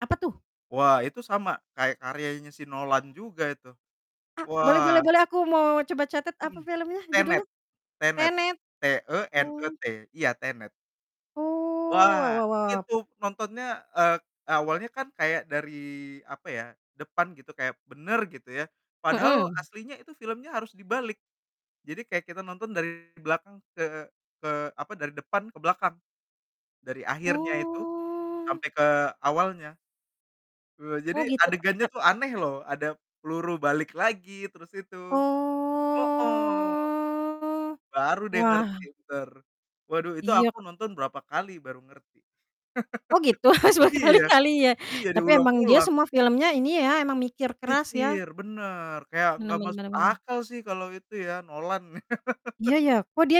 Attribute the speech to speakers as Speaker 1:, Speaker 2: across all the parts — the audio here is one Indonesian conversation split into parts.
Speaker 1: Apa, tuh?
Speaker 2: Wah, itu sama kayak karyanya si Nolan juga itu,
Speaker 1: Ah, boleh boleh
Speaker 2: wah.
Speaker 1: boleh aku mau coba catat apa
Speaker 2: Mhm.
Speaker 1: filmnya?
Speaker 2: Tenet,
Speaker 1: Judulnya?
Speaker 2: Tenet,
Speaker 1: Tenet? Oh.
Speaker 2: T-E-N-E-T, iya, Tenet.
Speaker 1: Oh, wah
Speaker 2: Wah,
Speaker 1: wah wah.
Speaker 2: itu nontonnya eee, awalnya kan kayak dari, apa ya, depan gitu, kayak benar, gitu ya, padahal
Speaker 1: Mhm.
Speaker 2: aslinya itu filmnya harus dibalik, jadi kayak kita nonton dari belakang ke ke, apa, dari depan ke belakang, dari akhirnya itu,
Speaker 1: Oh.
Speaker 2: sampai ke awalnya. Eee, jadi
Speaker 1: Oh, gitu?
Speaker 2: adegannya
Speaker 1: Tenet.
Speaker 2: tuh aneh, loh. Ada peluru balik lagi, terus itu hooh.
Speaker 1: Oh,
Speaker 2: Baru ,deh, ngerti,
Speaker 1: wah.
Speaker 2: bene. Waduh, itu
Speaker 1: Iya.
Speaker 2: aku nonton berapa kali baru ngerti.
Speaker 1: Oh, gitu. Harus
Speaker 2: Iya,
Speaker 1: berkali-kali, ya.
Speaker 2: iya
Speaker 1: Tapi, emang dia
Speaker 2: diulang-ulang.
Speaker 1: semua filmnya ini ya, emang mikir keras, ya?
Speaker 2: Mikir. Benar, kayak
Speaker 1: Benar
Speaker 2: enggak
Speaker 1: benar
Speaker 2: masuk
Speaker 1: benar benar.
Speaker 2: akal, sih, kalau itu, ya, Nolan.
Speaker 1: Iya, ya, kok, dia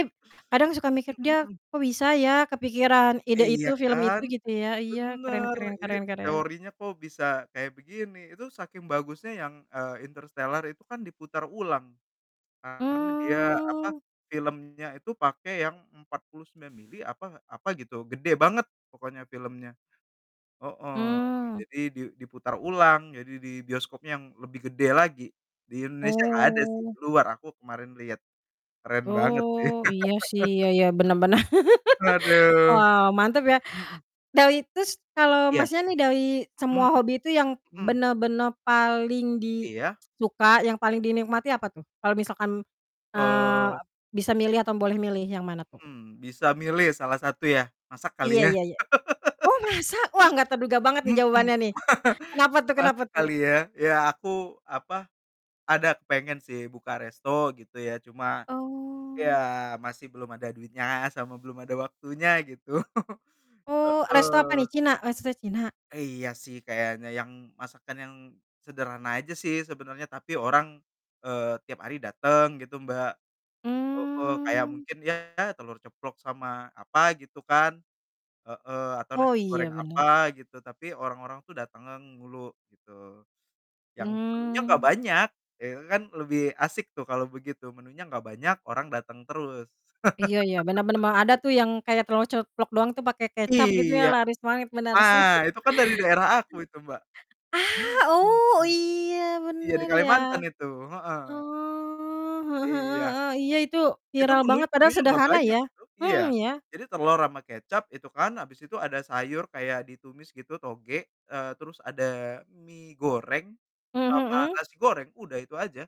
Speaker 1: kadang suka mikir,
Speaker 2: Mhm,
Speaker 1: dia,
Speaker 2: mmm.
Speaker 1: kok, bisa, ya, kepikiran ide itu,
Speaker 2: Iya,
Speaker 1: film itu
Speaker 2: kan?
Speaker 1: gitu, ya, iya, keren
Speaker 2: Benar,
Speaker 1: keren
Speaker 2: ini
Speaker 1: keren keren.
Speaker 2: teorinya, kok, bisa kayak begini. Itu saking bagusnya yang, eee, Interstellar itu kan diputar ulang, karena dia, apa,
Speaker 1: Mmm.
Speaker 2: filmnya itu pake yang 49 milimeter apa apa, gitu, gede banget pokoknya filmnya. Heeh,
Speaker 1: Mmm.
Speaker 2: jadi di diputar ulang. Jadi, di bioskopnya yang lebih gede lagi, di Indonesia enggak ada, sih.
Speaker 1: Oh.
Speaker 2: Di luar, aku kemarin lihat, keren banget, sih.
Speaker 1: Oh, iya, sih. Iya iya, benar benar.
Speaker 2: Haduh,
Speaker 1: Wow, mantap, ya.
Speaker 2: mhm.
Speaker 1: Dari terus kalau
Speaker 2: Iya,
Speaker 1: Masnya nih dari semua
Speaker 2: mhm,
Speaker 1: hobi itu yang
Speaker 2: mhm.
Speaker 1: benar-benar paling di
Speaker 2: Iya.
Speaker 1: suka yang paling dinikmati apa tuh? Kalau misalkan, eee,
Speaker 2: Eee
Speaker 1: bisa milih atau boleh milih yang mana tuh?
Speaker 2: Mmm, bisa milih salah satu ya, masak kali
Speaker 1: Iya
Speaker 2: ya.
Speaker 1: iya iya. Oh, masa? Wah, enggak terduga banget,
Speaker 2: Mhm,
Speaker 1: nih, jawabannya, nih. Kenapa, tuh kenapa,
Speaker 2: masak
Speaker 1: tuh?
Speaker 2: kali ya, ya aku, apa, ada kepengen, sih buka resto gitu, ya, cuma, ya
Speaker 1: Oh.
Speaker 2: masih belum ada duitnya sama belum ada waktunya gitu,
Speaker 1: Oh, resto apa,
Speaker 2: heeh.
Speaker 1: nih? Cina? Resto Cina?
Speaker 2: Iya, sih, kayaknya yang masakan yang sederhana aja, sih, sebenarnya, tapi orang, eee, tiap hari datang, gitu, Mbak, heeh, kayak
Speaker 1: Mmm.
Speaker 2: mungkin, ya, telur ceplok sama apa, gitu, kan, heeh, atau
Speaker 1: Oh,
Speaker 2: nasi
Speaker 1: iya,
Speaker 2: goreng
Speaker 1: benar.
Speaker 2: apa gitu, tapi orang-orang tuh datang ngang mulu, gitu, yang menunya enggak
Speaker 1: Mmm.
Speaker 2: banyak. Ya, itu kan lebih asik, tuh, kalau begitu, menunya enggak banyak, orang datang terus.
Speaker 1: Iya iya, benar benar, mmm, ada, tuh, yang kayak telor ceplok doang, tuh, pakai kecap, gitu, ya,
Speaker 2: Iya,
Speaker 1: laris manis, benar, sih.
Speaker 2: nah, itu kan dari daerah aku itu Mbak,
Speaker 1: Ah, oh,
Speaker 2: mhm,
Speaker 1: iya,
Speaker 2: iya, di
Speaker 1: benar ya.
Speaker 2: Kalimantan itu, heeh.
Speaker 1: Oh, heeh heeh
Speaker 2: Iya.
Speaker 1: heeh, iya, itu
Speaker 2: Itu
Speaker 1: viral
Speaker 2: menui
Speaker 1: banget, padahal
Speaker 2: menunya enggak
Speaker 1: sederhana,
Speaker 2: banyak
Speaker 1: ya,
Speaker 2: itu,
Speaker 1: mhm,
Speaker 2: iya.
Speaker 1: ya.
Speaker 2: Jadi, telur ama kecap itu, kan, habis itu ada sayur kayak ditumis gitu tauge, eee, terus ada mi goreng,
Speaker 1: Mmm,
Speaker 2: sama
Speaker 1: mhm.
Speaker 2: nasi goreng, udah itu aja.